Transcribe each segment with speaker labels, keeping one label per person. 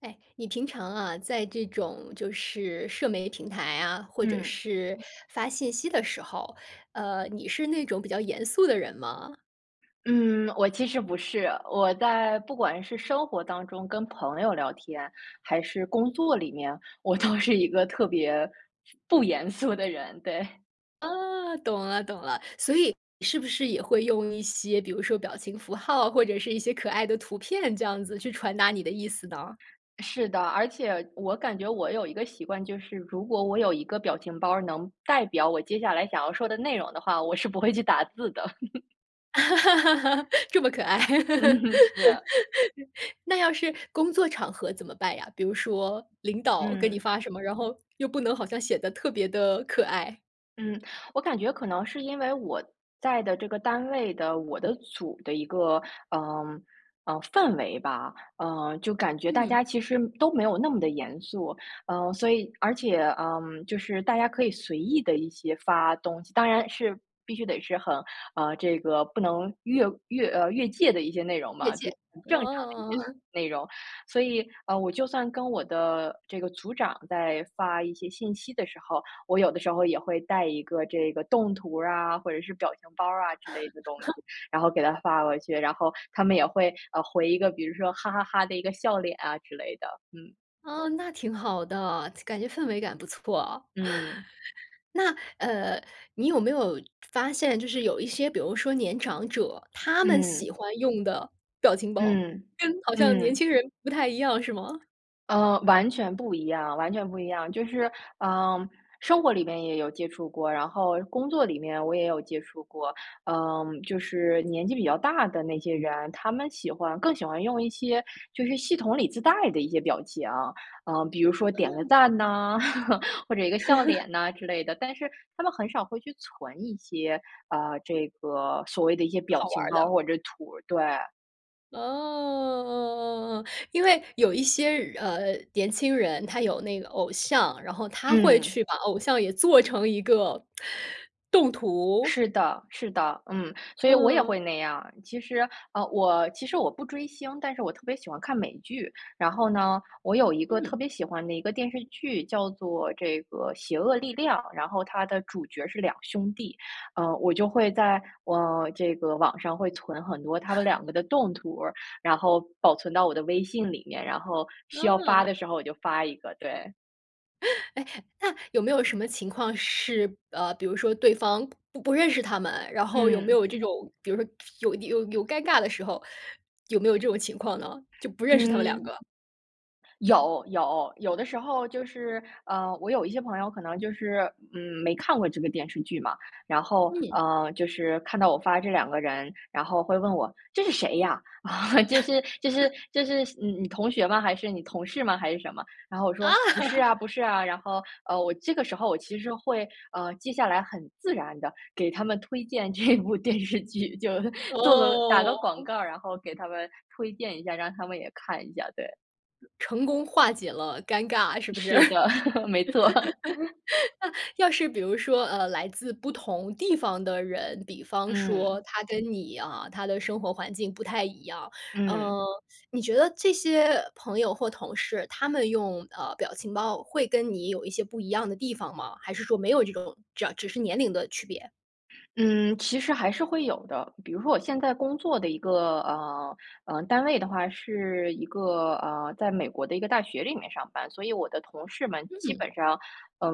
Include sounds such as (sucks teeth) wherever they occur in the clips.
Speaker 1: 哎，你平常啊，在这种就是社媒平台啊，或者
Speaker 2: 嗯。
Speaker 1: 是发信息的时候，呃，你是那种比较严肃的人吗？
Speaker 2: 嗯，我其实不是。我在不管是生活当中跟朋友聊天，还是工作里面，我都是一个特别不严肃的人，对。
Speaker 1: 啊，懂了，懂了。所以是不是也会用一些比如说表情符号，或者是一些可爱的图片这样子去传达你的意思呢？
Speaker 2: 是的，而且我感觉我有一个习惯，就是，如果我有一个表情包儿能代表我接下来想要说的内容的话，我是不会去打字的。(laughs)
Speaker 1: (laughs) 这么可爱。
Speaker 2: 嗯
Speaker 1: (laughs)
Speaker 2: 哼，是。
Speaker 1: 那要是工作场合怎么办呀？比如说领导给你
Speaker 2: 嗯。
Speaker 1: 发什么，然后，又不能好像显得特别地可爱。
Speaker 2: 嗯。我感觉可能是因为我在的这个单位的，我的组的一个，呃，呃氛围吧，嗯，就感觉大
Speaker 1: 嗯。
Speaker 2: 家其实都没有那么地严肃，呃。所以而且，嗯，就是大家可以随意地一些发东西当然是必须得是很啊，这个不能越越呃，越界的一些内容
Speaker 1: 越
Speaker 2: 嘛，就是
Speaker 1: 界。
Speaker 2: 很正常的一
Speaker 1: 哦。
Speaker 2: 些
Speaker 1: (chuckles)
Speaker 2: 内容。所以，啊，我就算跟我的这个组长在发一些信息的时候，我有的时候也会带一个这个动图啊，或者是表情包儿啊之类的东西，
Speaker 1: (chuckles)
Speaker 2: 然后给他发过去。然后他们也会，呃，回一个，比如说“哈哈哈”的一个笑脸啊之类的。嗯。
Speaker 1: 啊，那挺好的，感觉氛围感不错。
Speaker 2: 嗯。
Speaker 1: (chuckles) 那，呃，你有没有，就发现就是有一些比如说年长者，他们
Speaker 2: 嗯。
Speaker 1: 喜欢用的表情包，
Speaker 2: 嗯，
Speaker 1: 跟好像年
Speaker 2: 嗯。
Speaker 1: 轻人不太一样是吗？
Speaker 2: 呃，完全不一样，完全不一样。就是，嗯，生活里面也有接触过，然后工作里面我也有接触过，嗯，就是年纪比较大的那些人，他们喜欢更喜欢用一些就是系统里自带的一些表情。嗯，比如说点个
Speaker 1: 嗯。
Speaker 2: 赞呢，(laughs) 或者一个笑
Speaker 1: (laughs)
Speaker 2: 脸呐之类的。但是他们很少会去存一些，啊，这个所谓的一些表
Speaker 1: 好玩
Speaker 2: 情
Speaker 1: 儿
Speaker 2: 包
Speaker 1: 的。
Speaker 2: 或者图儿，对。
Speaker 1: 哦。因为有一些人呃，年轻人，他有那个偶像，然后他会
Speaker 2: 嗯。
Speaker 1: 去把偶像也做成一个，(inhales) 动图。
Speaker 2: 是的，是的，嗯。所以我也会
Speaker 1: 嗯。
Speaker 2: 那样儿。其实，呃，我其实我不追星，但是我特别喜欢看美剧。然后呢，我有一个
Speaker 1: 嗯。
Speaker 2: 特别喜欢的一个电视剧叫做这个《邪恶力量》，然后它的主角是2兄弟，呃，我就会在，呃，这个网上会存很多他们
Speaker 1: (chuckles)
Speaker 2: 2个的动图儿，然后保存到我的微信里面，然后需要发
Speaker 1: 嗯。
Speaker 2: 的时候我就发一个，对。
Speaker 1: (laughs) 哎，那有没有什么情况是，呃，比如说对方不不认识他们，然后有没
Speaker 2: 嗯。
Speaker 1: 有这种比如说有有有尴尬的时候，有没有这种情况呢？就不认识他们两
Speaker 2: 嗯。
Speaker 1: 个。
Speaker 2: 有，有。有的时候就是呃，我有一些朋友可能就是，嗯，没看过这个电视剧嘛。然后，
Speaker 1: 嗯。
Speaker 2: 呃，就是看到我发这2个人，然后会问我：“这是谁呀？(chuckles) 这是这是
Speaker 1: (chuckles)
Speaker 2: 这是嗯，你同学吗？还是你同事吗？还是什么？”然后我
Speaker 1: 啊。
Speaker 2: 说：“不是啊，不
Speaker 1: (laughs)
Speaker 2: 是啊。“然后，呃，我这个时候我其实会呃，接下来很自然的给他们推荐这部电视剧，就 (laughs) 做个打个广
Speaker 1: 哦。
Speaker 2: 告儿，然后给他们推荐一下，让他们也看一下，对。
Speaker 1: 成功化解了尴尬，是不是？(laughs) 那，
Speaker 2: 是的，(laughs) 没错。(laughs)
Speaker 1: 要是比如说，呃，来自不同地方的人，比方
Speaker 2: 嗯。
Speaker 1: 说他跟你啊，他的生活环境不太一样。
Speaker 2: 嗯。
Speaker 1: 呃，(sucks teeth) 你觉得这些朋友或同事，他们用，呃，表情包会跟你有一些不一样的地方吗？还是说没有这种只要只是年龄的区别？
Speaker 2: 嗯，其实还是会有的。比如说我现在工作的一个，呃，呃，单位的话是一个，呃，在美国的一个大学里面上班，所以我的同事们基
Speaker 1: 嗯。
Speaker 2: 本上，呃，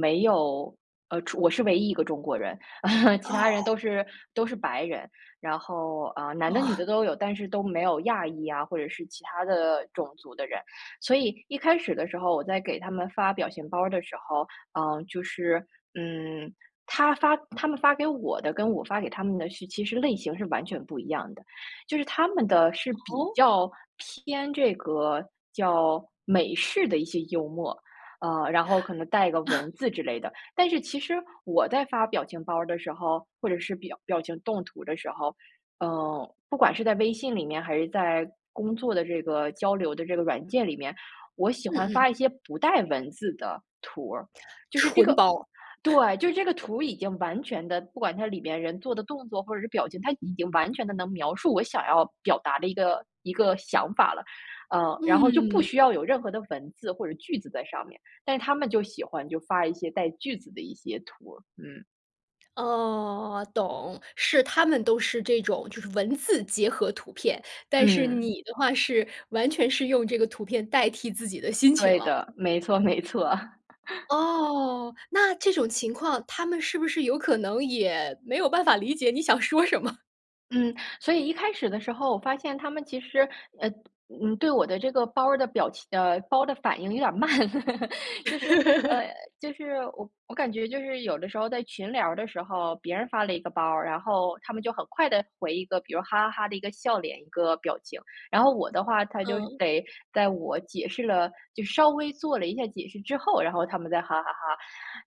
Speaker 2: 没有呃中我是唯一一个中国人，(chuckles) 其他人
Speaker 1: 哦。
Speaker 2: 都是都是白人。然后，呃，男的女
Speaker 1: 哦。
Speaker 2: 的都有，但是都没有亚裔呀，或者是其他的种族的人。所以一开始的时候，我在给他们发表情包儿的时候，呃，就是嗯，他发他们发给我的，跟我发给他们的是其实类型是完全不一样的。就是他们的是比
Speaker 1: 哦？
Speaker 2: 较偏这个叫美式的一些幽默，呃，然
Speaker 1: (inhales)
Speaker 2: 后可能带个
Speaker 1: 啊。
Speaker 2: 文字之类的。但是其实我在发表情包儿的时候，或者是表表情动图的时候，呃，不管是在微信里面还是在工作的这个交流的这个软件里面，我喜
Speaker 1: 嗯
Speaker 2: 欢
Speaker 1: 嗯。
Speaker 2: 发一些不带文字的图儿，就是这
Speaker 1: 纯
Speaker 2: 个
Speaker 1: 包。
Speaker 2: 对，
Speaker 1: (chuckles)
Speaker 2: 就这个图已经完全的不管它里面人做的动作或者是表情，它已经完全的能描述我想要表达的一个一个想法了。呃，然后就不需
Speaker 1: 嗯。
Speaker 2: 要有任何的文字或者句子在上面，但是他们就喜欢，就发一些带句子的一些图儿，嗯。
Speaker 1: 哦，懂。是他们都是这种就是文字结合图片，但是
Speaker 2: 嗯。
Speaker 1: 你的话是完全是用这个图片代替自己的心情
Speaker 2: 对
Speaker 1: 了。
Speaker 2: 的，没错没错。(laughs)
Speaker 1: 哦。那这种情况，他们是不是有可能也没有办法理解你想说什么？
Speaker 2: 嗯。所以一开始的时候我发现他们其实，呃嗯，对我的这个包儿的表情呃，包儿的反应有点儿慢。(laughs) 就是，
Speaker 1: (laughs)
Speaker 2: 呃就是我我感觉就是有的时候在群聊儿的时候，别人发了一个包儿，然后他们就很快地回一个，比如哈哈哈的一个笑脸、一个表情。然后我的话，他就
Speaker 1: 嗯。
Speaker 2: 得在我解释了就稍微做了一下解释之后，然后他们再哈哈哈。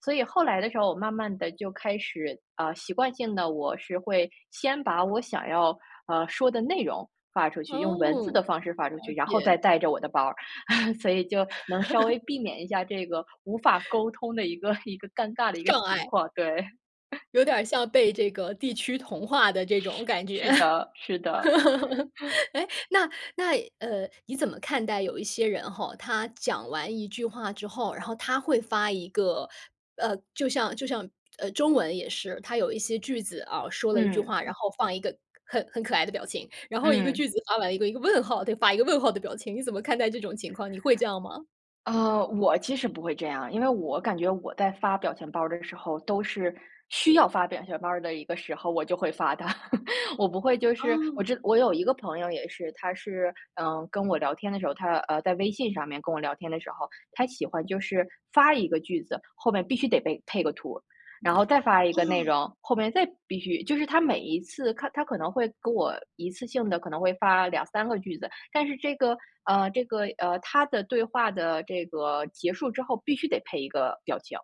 Speaker 2: 所以后来的时候我慢慢地就开始，啊，习惯性地，我是会先把我想要，呃，说的内容发出去，用文字
Speaker 1: 哦，
Speaker 2: 的方式发出
Speaker 1: 了
Speaker 2: 去，然后
Speaker 1: 解。
Speaker 2: 再带着我的包儿，(chuckles) 所以就能稍微避
Speaker 1: (laughs)
Speaker 2: 免一下这个无法沟通的一个一个尴尬的一个
Speaker 1: 障
Speaker 2: 情
Speaker 1: 碍。
Speaker 2: 况，对。(chuckles)
Speaker 1: 有点儿像被这个地区同化的这种感觉。
Speaker 2: 是是
Speaker 1: (laughs)
Speaker 2: 的，是的。(chuckles)
Speaker 1: 哎，那那呃，你怎么看待有一些人吼，他讲完一句话之后，然后他会发一个，呃就像就像，呃中文也是，他有一些句子啊，说了一句
Speaker 2: 嗯。
Speaker 1: 话，然后放一个很很可爱的表情。然后一个句
Speaker 2: 嗯。
Speaker 1: 子发完一个一个问号，得发一个问号的表情，你怎么看待这种情况，你会这样吗？
Speaker 2: 呃，我其实不会这样儿，因为我感觉我在发表情包儿的时候都是需要发表情包儿的一个时候，我就会发的。(chuckles) 我不会就是我
Speaker 1: 哦。
Speaker 2: 知我有一个朋友也是，他是，嗯，跟我聊天的时候，他呃，在微信上面跟我聊天的时候，他喜欢就是，发一个句子，后面必须得配-配个图，然后再发一个内
Speaker 1: 啊。
Speaker 2: 容，后面再必须就是他每一次看他可能会跟我一次性地可能会发2-3个句子，但是这个呃，这个，呃，他的对话的这个结束之后，必须得配一个表情。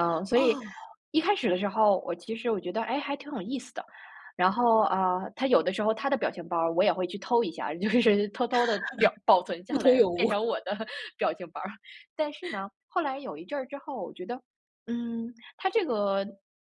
Speaker 2: 嗯，所以
Speaker 1: 哦。
Speaker 2: 一开始的时候，我其实我觉得：哎，还挺有意思的。然后，啊，他有的时候他的表情包儿我也会去偷一下，就是偷偷地保保存
Speaker 1: (laughs) 不
Speaker 2: 下
Speaker 1: 同
Speaker 2: 来，
Speaker 1: 有
Speaker 2: 变
Speaker 1: 无。
Speaker 2: 成我的表情包儿。但是
Speaker 1: (chuckles)
Speaker 2: 呢，后来有一阵儿之后，我觉得-嗯，他这个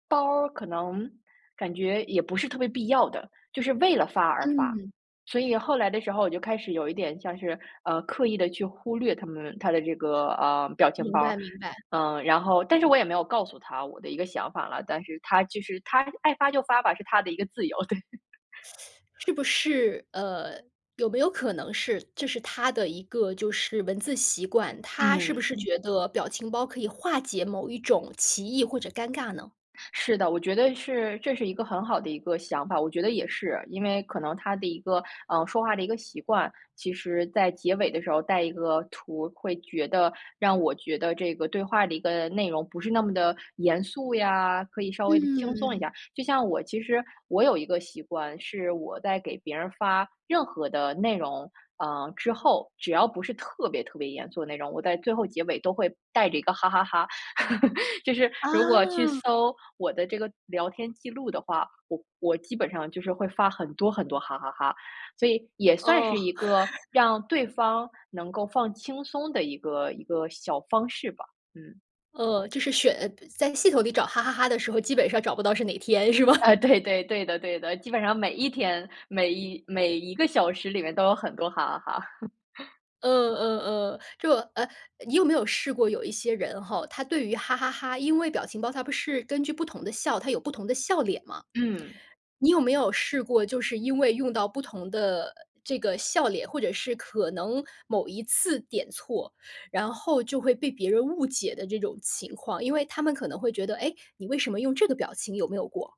Speaker 2: 包儿可能感觉也不是特别必要的，就是为了发而发。
Speaker 1: 嗯。
Speaker 2: 所以后来的时候我就开始有一点像是，呃，刻意地去忽略他们他的这个，呃，表情
Speaker 1: 明
Speaker 2: 包儿。
Speaker 1: 白，明白。
Speaker 2: 嗯，然后但是我也没有告诉他我的一个想法了，但是他就是他爱发就发吧，是他的一个自由。对。(chuckles)
Speaker 1: (sucks teeth) 是不是，呃，有没有可能是，这是他的一个就是文字习惯，他是不
Speaker 2: 嗯。
Speaker 1: 是觉得表情包可以化解某一种歧义或者尴尬呢？
Speaker 2: 是的，我觉得是这是一个很好的一个想法，我觉得也是，因为可能他的一个，呃，说话的一个习惯。其实在结尾的时候带一个图会觉得让我觉得这个对话的一个内容不是那么地严肃呀，可以稍微地轻松一
Speaker 1: 嗯。
Speaker 2: 下。就像我其实我有一个习惯是我在给别人发任何的内容，啊，之后，只要不是特别特别严肃的内容，我在最后结尾都会带着一个哈哈哈。(laughs) 就是如果去
Speaker 1: 啊。
Speaker 2: 搜我的这个聊天记录的话，我我基本上就是会发很多很多哈哈哈，所以也算
Speaker 1: 哦。
Speaker 2: 是一个
Speaker 1: (laughs)
Speaker 2: 让对方能够放轻松的一个一个小方式吧。嗯。
Speaker 1: 呃，就是选在系统里找”哈哈哈“的时候，基本上找不到是哪天，是吗？
Speaker 2: 呃，对，对，对的，对的。基本上每1天，每1每1个小时里面都有很多哈哈哈。(laughs)
Speaker 1: 呃呃呃，就呃你有没有试过有一些人吼，他对于“哈哈哈”，因为表情包它不是根据不同的笑，它有不同的笑脸吗？
Speaker 2: 嗯。
Speaker 1: 你有没有试过就是因为用到不同的这个笑脸，或者是可能某一次点错，然后就会被别人误解的这种情况？因为他们可能会觉得-哎？你为什么用这个表情？有没有过？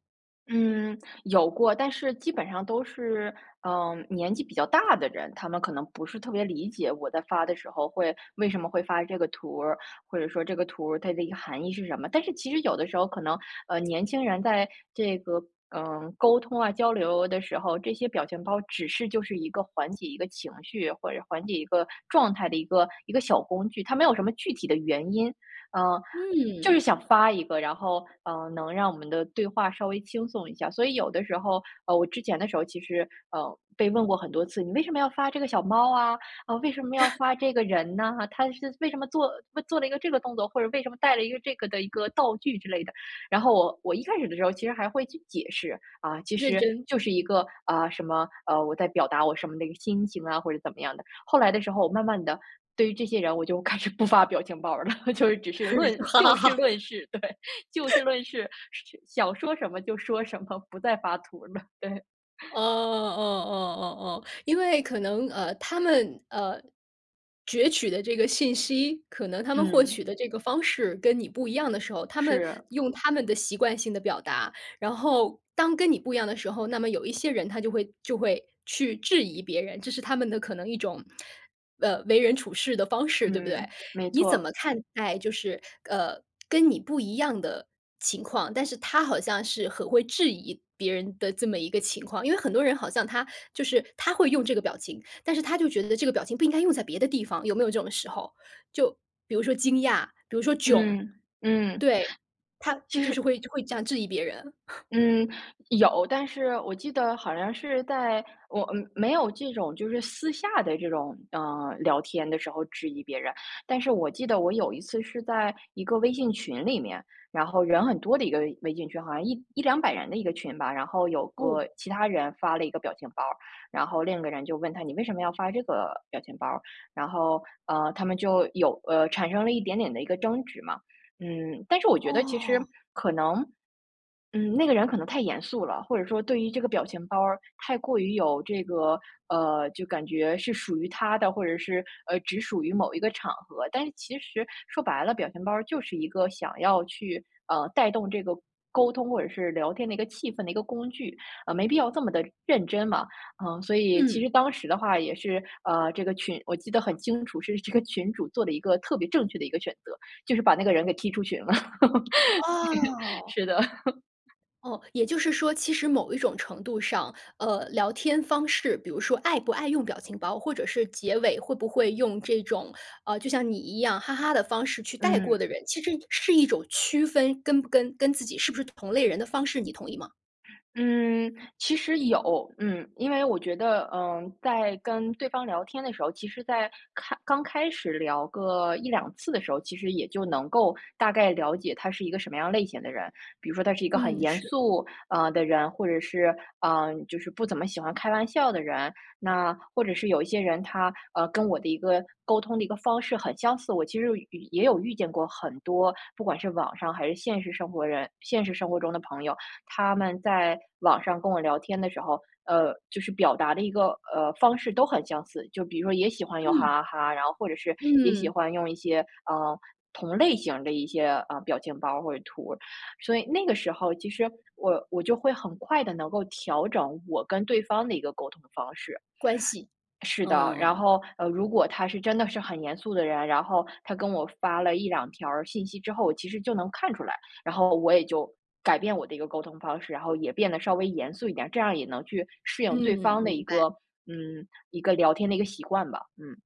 Speaker 2: 嗯，有过。但是基本上都是，嗯，年纪比较大的人，他们可能不是特别理解我在发的时候会为什么会发这个图儿，或者说这个图儿，它的一个含义是什么。但是其实有的时候可能，呃年轻人在这个，呃沟通啊、交流的时候，这些表情包只是就是一个缓解一个情绪，或者缓解一个状态的一个一个小工具，它没有什么具体的原因。啊，
Speaker 1: 嗯。
Speaker 2: 就是想发一个，然后，呃，能让我们的对话稍微轻松一下。所以有的时候，呃我之前的时候，其实，呃，被问过很多次：“你为什么要发这个小猫啊？啊，为什么要
Speaker 1: (chuckles)
Speaker 2: 发这个人呢哈？它是为什么做做了一个这个动作？或者为什么带了一个这个的一个道具？”之类的。然后我我一开始的时候其实还会去解释-啊其
Speaker 1: 认
Speaker 2: 实，
Speaker 1: 真。
Speaker 2: 就是一个，啊什么呃我在表达我什么的一个心情啊，或者怎么样的。后来的时候，我慢慢的，对于这些人，我就开始不发表表情包儿了，就是只是论
Speaker 1: (laughs) 哈哈
Speaker 2: 就事
Speaker 1: 哈。
Speaker 2: 论事，对，就事
Speaker 1: (chuckles)
Speaker 2: 论事，是想说什么就说什么，不再发图了，对。
Speaker 1: 哦哦
Speaker 2: (laughs)
Speaker 1: 哦哦哦，因为可能，呃他们，呃，攫取的这个信息，可能他们获
Speaker 2: 嗯。
Speaker 1: 取的这个方式跟你不一样的时候，他们
Speaker 2: 是。
Speaker 1: 用他们的习惯性的表达。然后，当跟你不一样的时候，那么有一些人他就会就会去质疑别人。这是他们的可能一种，(tsk) 呃，为人处事的方式，对不对？
Speaker 2: 嗯，没
Speaker 1: 你怎
Speaker 2: 错。
Speaker 1: 么看待就是，呃，跟你不一样的情况？但是他好像是很会质疑别人的这么一个情况因为很多人好像他就是他会用这个表情，但是他就觉得这个表情不应该用在别的地方，有没有这种时候？就，比如说惊讶，比如说“囧”。
Speaker 2: 嗯，嗯，
Speaker 1: 对，他
Speaker 2: 其
Speaker 1: 就
Speaker 2: 实
Speaker 1: 是会会这样质疑别人。(chuckles)
Speaker 2: 嗯，有。但是我记得，好像是在我嗯没有这种就是私下的这种，呃聊天的时候质疑别人。但是我记得我有一次是在一个微信群里面，然后人很多的一个微微信群，好像1100-200人的一个群吧。然后有
Speaker 1: 哦。
Speaker 2: 个其他人发了一个表情包儿，然后另一个人就问他：“你为什么要发这个表情包儿？”然后，呃，他们就有呃产生了一点点的一个争执嘛。嗯，但是我觉得其实，
Speaker 1: 哦。
Speaker 2: 可能，嗯，那个人可能太严肃了；或者说对于这个表情包儿太过于有这个呃，就感觉是属于他的，或者是，呃，只属于某一个场合。但是其实说白了，表情包儿就是一个想要去，呃，带动这个沟通或者是聊天的一个气氛的一个工具。呃没必要这么的认真嘛。啊，所以，其
Speaker 1: 嗯。
Speaker 2: 实当时的话也是，呃，这个群我记得很清楚，是这个群主做了一个特别正确的一个选择，就是把那个人给踢出群了。(laughs) (unintelligible)
Speaker 1: 哦。
Speaker 2: 是的。(laughs)
Speaker 1: 哦，也就是说其实某一种程度上，呃，聊天方式，比如说爱不爱用表情包，或者是结尾，会不会用这种，呃，就像你一样“哈哈”的方式去带过
Speaker 2: 嗯。
Speaker 1: 的人，其实也是一种区分，跟不跟跟自己是不是同类人的方式，你同意吗？
Speaker 2: 嗯，其实有。嗯。因为我觉得，嗯，在跟对方聊天的时候，其实在开刚开始聊个1-2次的时候，其实也就能够大概了解他是一个什么样类型的人。比如说他是一个很
Speaker 1: 嗯，
Speaker 2: 严
Speaker 1: 是。
Speaker 2: 肃啊的人，或者是，呃，就是不怎么喜欢开玩笑的人。那或者是有一些人他，呃，跟我的一个沟通的一个方式很相似。我其实也有与也有遇见过很多，不管是网上还是现实生活人现实生活中的朋友，他们在网上跟我聊天的时候，呃，就是表达的一个呃方式都很相似。就比如说也喜欢用
Speaker 1: 嗯。
Speaker 2: “哈哈哈”，然后或者是也喜
Speaker 1: 嗯。
Speaker 2: 欢用一些，呃，同类型儿的一些，呃表情包或者图。所以那个时候其实我我就会很快地能够调整我跟对方的一个沟通的方式。
Speaker 1: 关系，
Speaker 2: 是的，然
Speaker 1: 哦。
Speaker 2: 后，呃如果他是真的是很严肃的人，然后他跟我发了1-2条儿信息之后，其实就能看出来。然后我也就，改变我的一个沟通方式，然后也变得稍微严肃一点，这样也能去适应对
Speaker 1: 嗯，
Speaker 2: 方的
Speaker 1: 明
Speaker 2: 一
Speaker 1: 白。
Speaker 2: 个，嗯，一个聊天的一个习惯吧，嗯。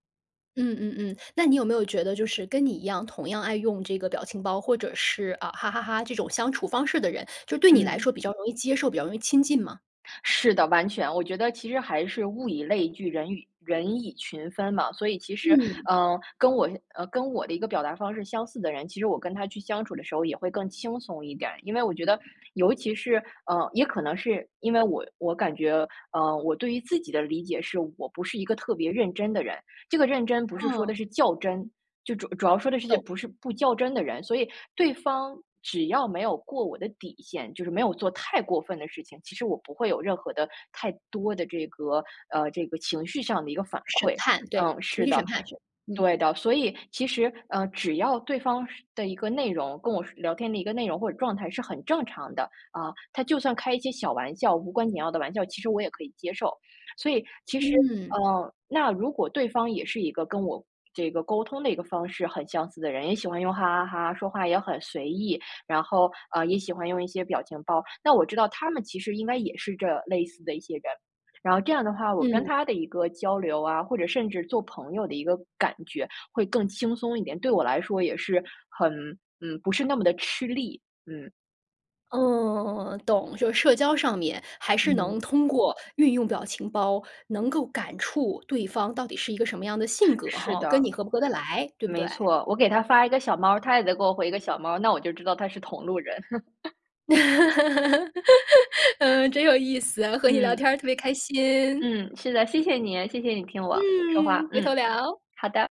Speaker 1: 嗯嗯嗯，那你有没有觉得就是跟你一样同样爱用这个表情包，或者是，啊，“哈哈哈”这种相处方式的人，就对你来
Speaker 2: 嗯。
Speaker 1: 说比较容易接受，比较容易亲近吗？
Speaker 2: 是的，完全，我觉得其实还是物以类聚，人与人以群分嘛。所以其实，
Speaker 1: 嗯。
Speaker 2: 嗯，跟我相跟我的一个表达方式相似的人，其实我跟他去相处的时候也会更轻松一点。因为我觉得，尤其是，呃，也可能是因为我我感觉，呃，我对于自己的理解是，我不是一个特别认真的人。这个认真不是说
Speaker 1: 嗯。
Speaker 2: 的是较真，就主主要说的是些，
Speaker 1: 懂。
Speaker 2: 不是不较真的人，所以对方只要没有过我的底线，就是没有做太过分的事情，其实我不会有任何的太多的这个，呃，这个情绪上的一个反
Speaker 1: 审
Speaker 2: 馈。
Speaker 1: 判，对。
Speaker 2: 嗯，
Speaker 1: 情
Speaker 2: 是
Speaker 1: 绪审
Speaker 2: 的。
Speaker 1: 判，是，嗯。
Speaker 2: 对的，所以，其实，呃，只要对方是的一个内容跟我是聊天的一个内容或者状态是很正常的，啊，他就算开一些小玩笑，无关紧要的玩笑，其实我也可以接受。所以，其实，
Speaker 1: 嗯。
Speaker 2: 呃，那如果对方也是一个跟我这个沟通的一个方式很相似的人，也喜欢用“哈哈哈”，说话也很随意，然后，呃也，喜欢用一些表情包，那我知道他们其实应该也是这类似的一些人。然后这样的话，我跟
Speaker 1: 嗯。
Speaker 2: 他的一个交流啊，或者甚至做朋友的一个感觉会更轻松一点，对我来说也是，很嗯，不是那么地吃力，嗯。
Speaker 1: 嗯。懂，就社交上面还是能
Speaker 2: 嗯。
Speaker 1: 通过运用表情包，能够感触对方到底是一个什么样的性格，
Speaker 2: 是
Speaker 1: 吼，跟
Speaker 2: 的。
Speaker 1: 你合不合得来，对不
Speaker 2: 没
Speaker 1: 对？
Speaker 2: 错，我给他发一个小猫，他也得给我回一个小猫，那我就知道他是同路人。(laughs)
Speaker 1: (laughs) 嗯，真有意思啊，和你聊天
Speaker 2: 嗯。
Speaker 1: 儿特别开心。
Speaker 2: 嗯，是的。谢谢你，谢谢你听我说话。
Speaker 1: 嗯，回头
Speaker 2: 嗯，
Speaker 1: 聊。
Speaker 2: 好的。